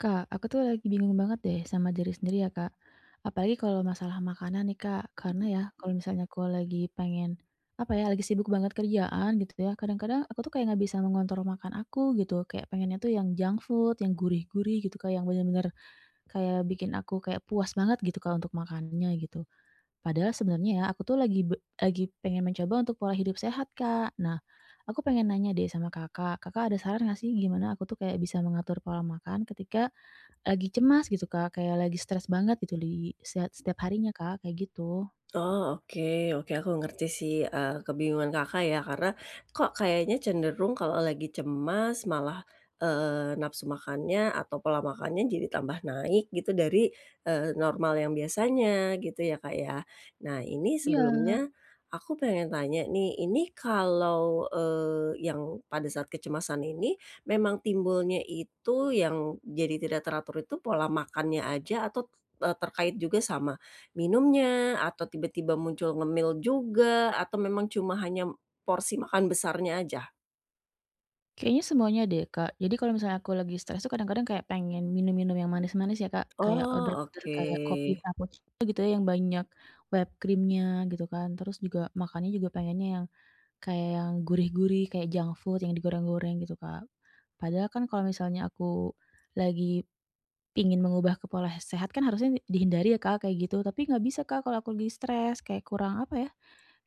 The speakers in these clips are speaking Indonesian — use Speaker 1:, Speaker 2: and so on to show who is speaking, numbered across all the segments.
Speaker 1: Kak, aku tuh lagi bingung banget deh, sama diri sendiri ya, Kak. Apalagi kalau masalah makanan nih, Kak. Karena ya, kalau misalnya aku lagi pengen, apa ya, lagi sibuk banget kerjaan gitu, ya, kadang-kadang, aku tuh kayak nggak bisa mengontrol makan aku, gitu. Kayak, pengennya tuh yang junk food, yang gurih-gurih, gitu Kak. Yang bener-bener, kayak bikin aku kayak puas banget, gitu Kak, untuk makannya gitu. Padahal sebenernya ya, aku tuh lagi be lagi pengen mencoba untuk pola hidup sehat, Kak. Nah, aku pengen nanya deh, sama Kakak. Kakak ada saran nggak sih, gimana aku tuh kayak bisa mengatur pola makan, ketika lagi cemas, gitu Kak. Kayak lagi stres banget, gitu li siat setiap harinya Kak, kayak gitu.
Speaker 2: Oh. Oke oke. Aku ngerti sih, eee, kebingungan Kakak ya. Karena, kok kayaknya cenderung kalau lagi cemas, malah, eee, nafsu makannya, atau pola makannya jadi tambah naik gitu dari, eee, normal yang biasanya, gitu ya, Kak, ya. Nah, ini
Speaker 1: Iya.
Speaker 2: sebelumnya, aku pengen tanya nih, ini kalau, eee, yang pada saat kecemasan ini, memang timbulnya itu yang jadi tidak teratur itu, pola makannya aja atau, t eee, terkait juga sama minumnya, atau tiba-tiba muncul ngemil juga, atau memang cuma hanya porsi makan besarnya aja?
Speaker 1: Kayaknya semuanya deh, Kak. Jadi, kalau misalnya aku lagi stres itu kadang-kadang kayak pengen minum-minum yang manis-manis ya Kak, kayak
Speaker 2: Oh,
Speaker 1: order-order
Speaker 2: oke.
Speaker 1: kayak kopi cappuccino gitu ya yang banyak whipped cream-nya gitu kan. Terus juga makannya juga pengennya yang kayak yang gurih-gurih, kayak junk food yang digoreng-goreng gitu, Kak. Padahal kan kalau misalnya aku lagi pingin mengubah ke pola he sehat kan harusnya dihindari ya Kak, kayak gitu. Tapi, nggak bisa Kak, kalau aku lagi stres kayak kurang, apa ya,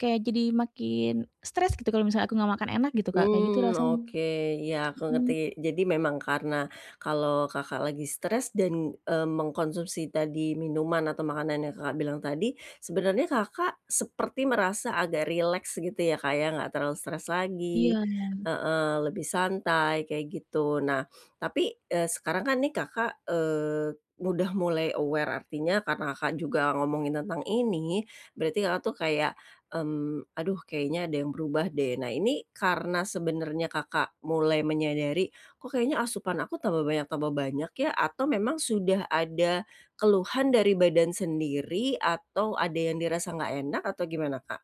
Speaker 1: kayak jadi makin stres gitu kalau misalnya aku enggak makan enak gitu Kak, kayak gitu
Speaker 2: Hmm.
Speaker 1: rasanya.
Speaker 2: Oke, iya, aku
Speaker 1: Mhm.
Speaker 2: ngerti. Jadi, memang karena kalau Kakak lagi stres dan, eee, mengkonsumsi tadi minuman atau makanan yang Kakak bilang tadi, sebenernya Kakak seperti merasa agak rileks gitu ya Kak ya, nggak terlalu stress lagi
Speaker 1: Iya.
Speaker 2: heeh, lebih santai kayak gitu. Nah, tapi, eee, sekarang kan nih Kakak, eee, udah mulai aware, artinya karena Kakak, juga ngomongin tentang ini, berarti Kakak tuh kayak, mmm, "Aduh kayaknya ada yang berubah deh." Nah, ini karena sebenernya Kakak mulai menyadari, "Kok kayaknya asupan aku tambah banyak tambah banyak ya?" Atau memang sudah ada keluhan dari badan sendiri, atau ada yang dirasa nggak enak, atau gimana, Kak?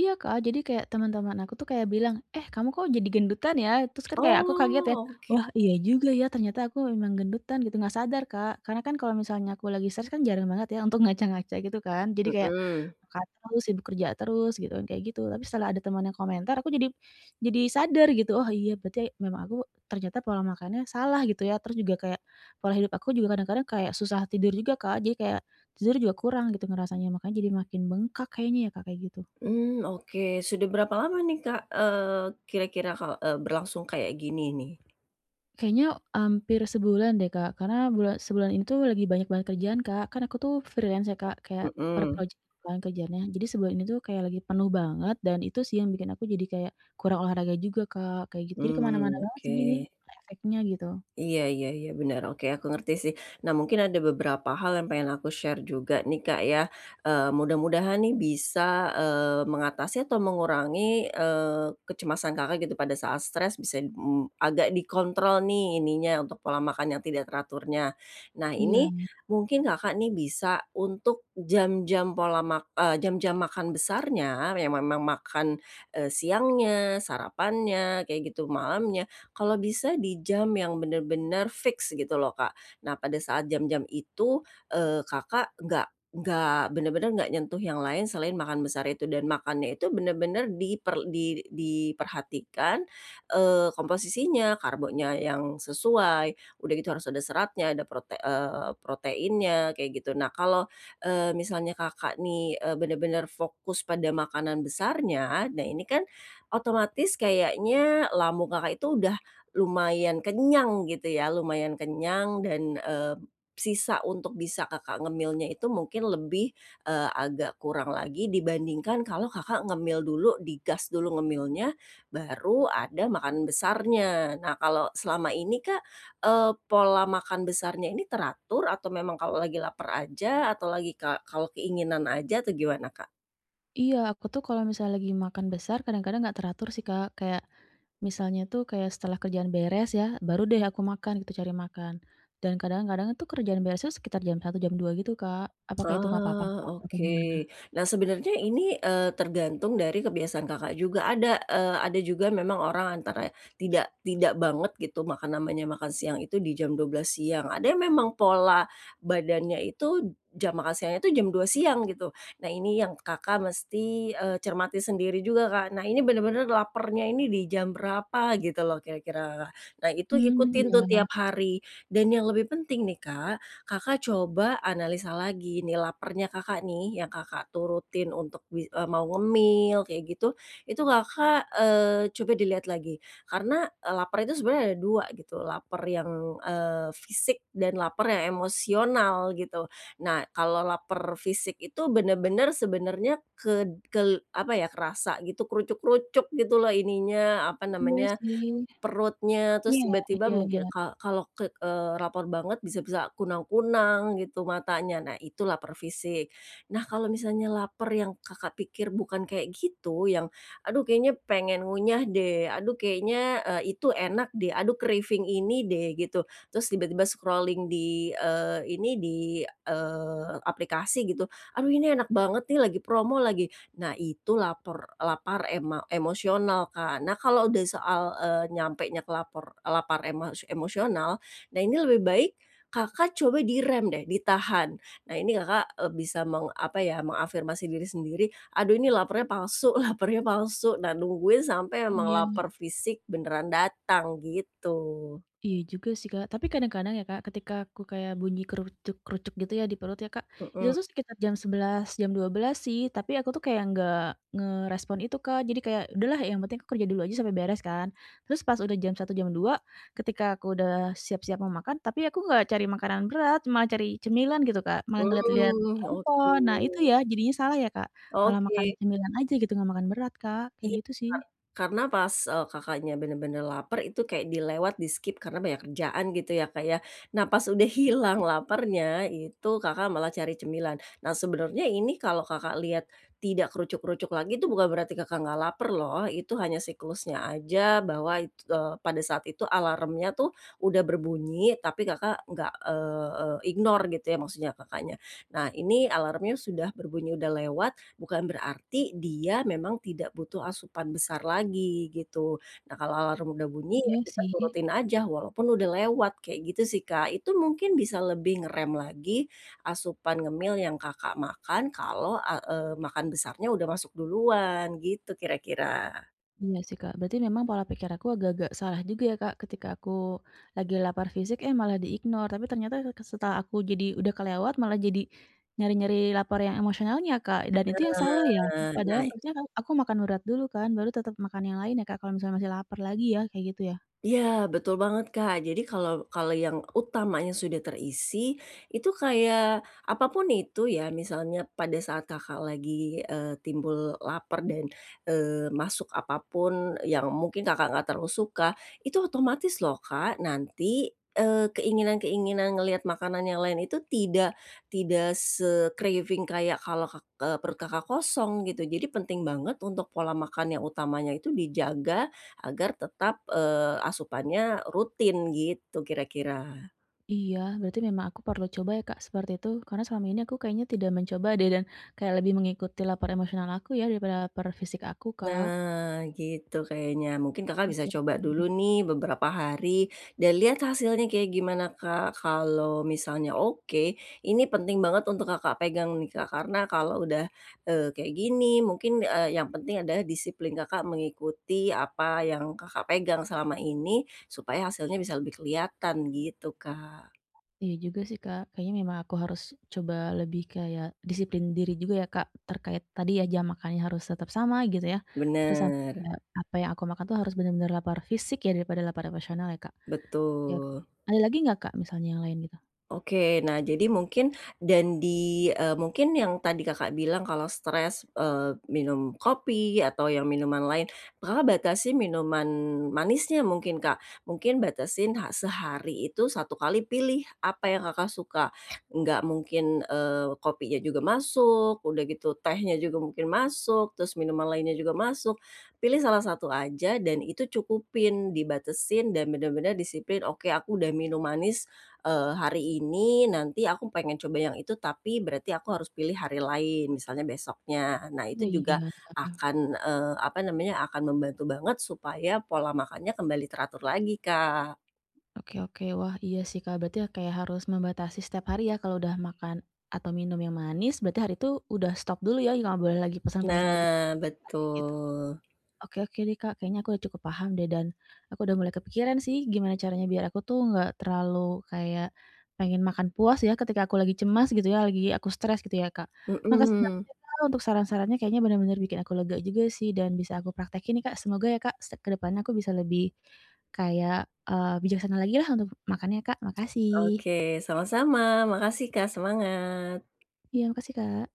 Speaker 1: Iya Kak, jadi kayak, temen-temen aku tuh kayak bilang, "Eh, kamu kok jadi gendutan ya?" Terus kan kayak aku kaget ya,
Speaker 2: Oh, oke.
Speaker 1: "Wah, iya juga ya, ternyata aku memang gendutan," gitu, nggak sadar Kak. Karena kan kalau misalnya aku lagi stres kan jarang banget ya untuk ngaca-ngaca gitu kan. Jadi kayak,
Speaker 2: Hmm.
Speaker 1: makan terus, sibuk kerja terus gitu kan, kayak gitu. Tapi setelah ada temen yang komentar, aku jadi, jadi sadar gitu. Oh, iya, berarti, memang aku, ternyata pola makannya salah gitu ya. Terus juga kayak, pola hidup aku juga kadang-kadang kayak susah tidur juga Kak. Jadi kayak, tidur juga kurang gitu ngerasanya, makanya jadi makin bengkak kayaknya ya Kak, kayak gitu.
Speaker 2: Mmm, oke. Sudah berapa lama nih Kak, eee, kira-kira Kak, eee, berlangsung kayak gini nih?
Speaker 1: Kayaknya hampir sebulan deh Kak, karena bula sebulan ini tuh lagi banyak banget kerjaan Kak, kan aku tuh freelance ya Kak, kayak per
Speaker 2: Mhm.
Speaker 1: project tuh kan kerjaannya. Jadi sebulan ini tuh kayak lagi penuh banget, dan itu sih yang bikin aku jadi kayak kurang olahraga juga Kak, kayak gitu. Jadi ke mana-mana
Speaker 2: Mmm,
Speaker 1: banget sih
Speaker 2: oke.
Speaker 1: gini, efeknya gitu.
Speaker 2: Iya iya iya, bener, oke, aku ngerti sih. Nah, mungkin ada beberapa hal yang pengen aku share juga nih Kak ya. Eee, mudah-mudahan nih bisa, eee, mengatasi atau mengurangi, eee, kecemasan Kakak gitu, pada saat stres bisa, mmm, agak dikontrol nih, ininya, untuk pola makan yang tidak teraturnya. Nah ini,
Speaker 1: Iya.
Speaker 2: mungkin Kakak nih bisa untuk jam-jam pola mak eee, jam-jam makan besarnya yang memang makan, eee, siangnya, sarapannya kayak gitu, malamnya, kalau bisa di jam yang bener-bener fix gitu loh Kak. Nah, pada saat jam-jam itu, eee, Kakak enggak enggak, bener-bener gak nyentuh yang lain selain makan besar itu. Dan makannya itu bener-bener diper di diperhatikan, eee komposisinya, karbonya yang sesuai, udah gitu harus ada seratnya, ada prote eee, proteinnya kayak gitu. Nah, kalau, eee, misalnya Kakak nih, eee, bener-bener fokus pada makanan besarnya, nah ini kan otomatis kayaknya lambung Kakak itu udah lumayan kenyang gitu ya, lumayan kenyang, dan, eee, sisa untuk bisa Kakak ngemilnya itu mungkin lebih, eee, agak kurang lagi, dibandingkan kalau Kakak ngemil dulu, digas dulu ngemilnya, baru ada makan besarnya. Nah, kalau selama ini Kak, eee, pola makan besarnya ini teratur, atau memang kalau lagi laper aja, atau lagi ka kalau keinginan aja, atau gimana Kak?
Speaker 1: Iya, aku tuh kalau misalnya lagi makan besar kadang-kadang nggak teratur sih, Kak. Kayak, misalnya itu kayak setelah kerjaan beres ya, baru deh aku makan gitu, cari makan. Dan kadang-kadang itu kerjaan beresnya sekitar jam 1, jam 2 gitu, Kak. Apakah itu nggak apa-apa, Kak,
Speaker 2: Oh,
Speaker 1: atau
Speaker 2: oke.
Speaker 1: gimana?
Speaker 2: Nah sebenernya ini, eee, tergantung dari kebiasaan Kakak juga, ada, eee, ada juga memang orang antara tidak, tidak banget gitu maka namanya makan siang itu di jam 12 siang. Ada yang memang pola badannya itu jam makan siangnya itu jam 2 siang gitu. Nah ini yang Kakak mesti, eee, cermati sendiri juga, Kak, "Nah, ini bener-bener lapernya ini di jam berapa?" Gitu loh kira-kira. Nah itu
Speaker 1: Mmm,
Speaker 2: ikutin tuh
Speaker 1: iya.
Speaker 2: tiap hari dan yang lebih penting nih, Kak, Kakak coba analisa lagi nih lapernya Kakak nih yang Kakak turutin untuk mi eee, mau ngemil kayak gitu, itu Kakak, eee, coba dilihat lagi, karena, eee, laper itu sebenernya ada dua gitu, laper yang, eee, fisik dan laper yang emosional gitu. Nah, kalau laper fisik itu bener-bener sebenernya ked kel apa ya, kerasa gitu, krucuk-krucuk gitu loh ininya, apa
Speaker 1: Iya
Speaker 2: namanya,
Speaker 1: sih.
Speaker 2: perutnya. Terus
Speaker 1: Iya,
Speaker 2: tiba-tiba
Speaker 1: ya
Speaker 2: mungkin
Speaker 1: ya.
Speaker 2: ka kalo ke eee, laper banget bisa bisa kunang-kunang gitu matanya, nah itu laper fisik. Nah, kalau misalnya lapar yang Kakak pikir bukan kayak gitu, yang, "Aduh, kayaknya pengen ngunyah deh, aduh kayaknya e itu enak deh, aduh craving ini deh," gitu. Terus tiba-tiba scrolling di, eee, ini, di, eee, aplikasi gitu, "Aduh, ini enak banget nih, lagi promo lagi." Nah, itu lapor lapar ema emosional, Kak. Nah, kalau udah soal, eee, nyampenya ke lapor lapar ema emosional, nah ini lebih baik, Kakak coba direm deh, ditahan. Nah ini Kakak, e bisa meng apa ya, mengafirmasi diri sendiri, "Aduh, ini lapernya palsu, lapernya palsu." Nah, nungguin sampai memang
Speaker 1: Iya.
Speaker 2: laper fisik beneran datang gitu.
Speaker 1: Iya juga sih, Kak. Tapi kadang-kadang ya, Kak, ketika aku kayak bunyi krucuk-krucuk gitu ya di perut ya, Kak, itu
Speaker 2: Mhm.
Speaker 1: tuh sekitar jam 11, jam 12 sih, tapi aku tuh kayak nggak ngerespon itu, Kak. Jadi kayak, "Udahlah yang penting aku kerja dulu aja sampe beres," kan. Terus pas udah jam 1, jam 2, ketika aku udah siap-siap mau makan, tapi aku enggak cari makanan berat, malah cari cemilan gitu, Kak, malah ngeliat-liat
Speaker 2: Mmm, oke.
Speaker 1: handphone. Nah itu ya, jadinya salah ya, Kak? Malah makan
Speaker 2: Oke.
Speaker 1: cemilan aja gitu, enggak makan berat, Kak, kayak
Speaker 2: Iya,
Speaker 1: gitu
Speaker 2: Kak.
Speaker 1: sih.
Speaker 2: Karena pas e Kakaknya bener-bener laper, itu kayak dilewat di-skip karena banyak kerjaan gitu ya, Kak, ya. Nah pas udah hilang
Speaker 1: I
Speaker 2: lapernya, itu Kakak malah cari cemilan. Nah sebenernya ini kalau Kakak lihat, tidak krucuk-krucuk lagi itu bukan berarti Kakak nggak laper loh, itu hanya siklusnya aja bahwa it eee, pada saat itu alarmnya tuh, udah berbunyi, tapi Kakak nggak, eee, eee, ignore gitu ya maksudnya Kakaknya. Nah, ini alarmnya sudah berbunyi udah lewat, bukan berarti, dia memang tidak butuh asupan besar lagi, gitu. Nah kalau alarm udah bunyi ya
Speaker 1: Iya
Speaker 2: kita
Speaker 1: sih.
Speaker 2: turutin aja, walaupun udah lewat, kayak gitu sih, Kak. Itu mungkin bisa lebih ngerem lagi asupan ngemil yang Kakak makan kalau a eee, makan besarnya udah masuk duluan, gitu kira-kira.
Speaker 1: Iya sih Kak. Berarti memang pola pikir aku agak-agak salah juga ya Kak. Ketika aku lagi lapar fisik eh malah di-ignore, tapi ternyata seke setelah aku jadi udah kelewat malah jadi nyari-nyari lapar yang emosionalnya Kak, dan itu yang salah ya?
Speaker 2: Nah.
Speaker 1: Padahal
Speaker 2: Nah i
Speaker 1: harusnya kan aku makan berat dulu kan, baru tetap makan yang lain ya Kak, kalau misalnya masih laper lagi ya, kayak gitu ya?
Speaker 2: Iya, betul banget Kak. Jadi kalau kalau yang utamanya sudah terisi, itu kayak apa pun itu ya, misalnya pada saat Kakak lagi, eee, timbul lapar dan, eee, masuk apa pun yang mungkin Kakak nggak terlalu suka, itu otomatis loh Kak, nanti, eee, keinginan-keinginan ngelihat makanan yang lain itu tidak tidak se-craving kayak kalau kak eee, perut Kakak kosong, gitu. Jadi penting banget untuk pola makan yang utamanya itu dijaga, agar tetap, eee, asupannya rutin, gitu kira-kira.
Speaker 1: Iya, berarti memang aku perlu coba ya Kak seperti itu. Karena selama ini aku kayaknya tidak mencoba deh, dan kayak lebih mengikuti lapar emosional aku ya daripada lapar fisik aku, Kak.
Speaker 2: Nah, gitu kayaknya. Mungkin Kakak bisa
Speaker 1: Oke
Speaker 2: coba
Speaker 1: oke.
Speaker 2: dulu nih beberapa hari, dan lihat hasilnya kayak gimana Kak. Kalau misalnya oke, ini penting banget untuk Kakak pegang nih Kak. Karena kalau udah, eee, kayak gini, mungkin, eee, yang penting adalah disiplin Kakak mengikuti apa yang Kakak pegang selama ini, supaya hasilnya bisa lebih kelihatan, gitu Kak.
Speaker 1: Iya juga sih Kak. Kayaknya memang aku harus coba lebih kayak disiplin diri juga ya Kak, terkait tadi ya jam makannya harus tetap sama, gitu ya. Terus sama
Speaker 2: Bener.
Speaker 1: kayak, apa yang aku makan itu harus bener-bener lapar fisik ya daripada lapar emosional ya Kak? Oke oke.
Speaker 2: Betul.
Speaker 1: Ada lagi nggak Kak, misalnya yang lain gitu?
Speaker 2: Oke, nah jadi mungkin dan di, eee, mungkin yang tadi Kakak, bilang kalau stres, eee, minum kopi atau ya minuman lain, Kakak batasin minuman manisnya mungkin Kak, mungkin batesin ha sehari itu satu kali pilih apa yang Kakak suka, nggak mungkin, eee, kopinya juga masuk, udah gitu tehnya juga mungkin masuk, terus minuman lainnya juga masuk, pilih salah satu aja dan itu cukupin dibatesin dan bener-bener disiplin oke aku udah minum manis, eee, hari ini nanti aku pengen coba yang itu tapi berarti aku harus pilih hari lain, misalnya besoknya. Nah
Speaker 1: Oh,
Speaker 2: itu juga,
Speaker 1: iya ya.
Speaker 2: akan, eee, apa namanya akan membantu banget supaya pola makannya kembali teratur lagi Kak.
Speaker 1: Oke oke wah iya sih Kak, berarti ya kayak harus membatasi setiap hari ya kalau udah makan, atau minum yang manis berarti hari itu udah stop dulu ya enggak boleh lagi pesen-pesen lagi, yang
Speaker 2: Nah
Speaker 1: kayak gitu.
Speaker 2: betul.
Speaker 1: Oke oke deh Kak, kayaknya aku udah cukup paham deh dan, aku udah mulai kepikiran sih gimana caranya biar aku tuh nggak terlalu kayak, pengen makan puas ya ketika aku lagi cemas gitu ya, lagi aku stres gitu ya Kak, makasih banget
Speaker 2: Mhm.
Speaker 1: ya Kak, untuk saran-sarannya kayaknya bener-bener bikin aku lega juga sih dan bisa aku praktekin nih Kak, semoga ya Kak, se ke depannya aku bisa lebih, kayak, eee, bijaksana lagi lah untuk makannya Kak, makasih.
Speaker 2: Oke, sama-sama makasih Kak, semangat.
Speaker 1: Iya makasih Kak.